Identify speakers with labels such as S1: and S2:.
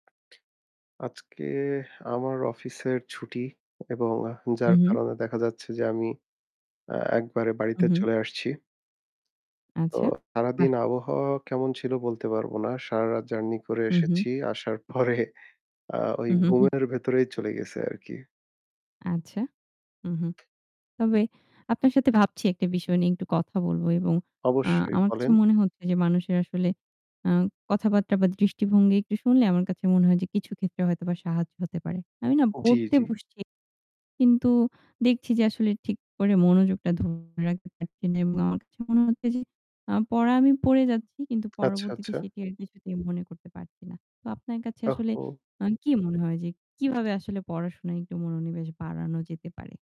S1: আজকে আমার অফিসের ছুটি এবং যার
S2: উমহু।
S1: কারণে দেখা যাচ্ছে যে আমি অ্যা একবারে
S2: হু,
S1: বাড়িতে
S2: হুম।
S1: চলে আসছি। তো
S2: আচ্ছা। বাহ!
S1: সারাদিন আবহাওয়া কেমন ছিল বলতে পারব না। সারারাত journey করে
S2: হু, হুম।
S1: এসেছি। আসার পরে আ ওই
S2: উহু, হুম।
S1: ঘুমের ভেতরেই চলে গেছে আরকি।
S2: আচ্ছা। হু, হুম। তবে আপনার সাথে ভাবছি একটা বিষয় নিয়ে একটু কথা বলব এবং আ
S1: অবশ্যই
S2: আমার কাছে
S1: বলেন।
S2: মনে হচ্ছে যে মানুষের আসলে আ কথাবার্তা বা দৃষ্টিভঙ্গি একটু শুনলে আমার কাছে মনে হয় যে কিছু ক্ষেত্রে হয়তোবা সাহায্য হতে পারে। আমি না
S1: জি,
S2: পড়তে
S1: জি।
S2: বসছি কিন্তু দেখছি যে আসলে ঠিক করে মনোযোগটা ধরে রাখতে পারছি না এবং আমার কাছে মনে হচ্ছে যে আ পড়া আমি পড়ে যাচ্ছি কিন্তু
S1: আচ্ছা,
S2: পরবর্তীতে
S1: আচ্ছা।
S2: সেটির কিছুতেই মনে করতে পারছি না। তো আপনার কাছে আসলে
S1: ওহহো!
S2: আ কি মনে হয় যে কিভাবে আসলে পড়াশোনায় একটু মনোনিবেশ বাড়ানো যেতে পারে?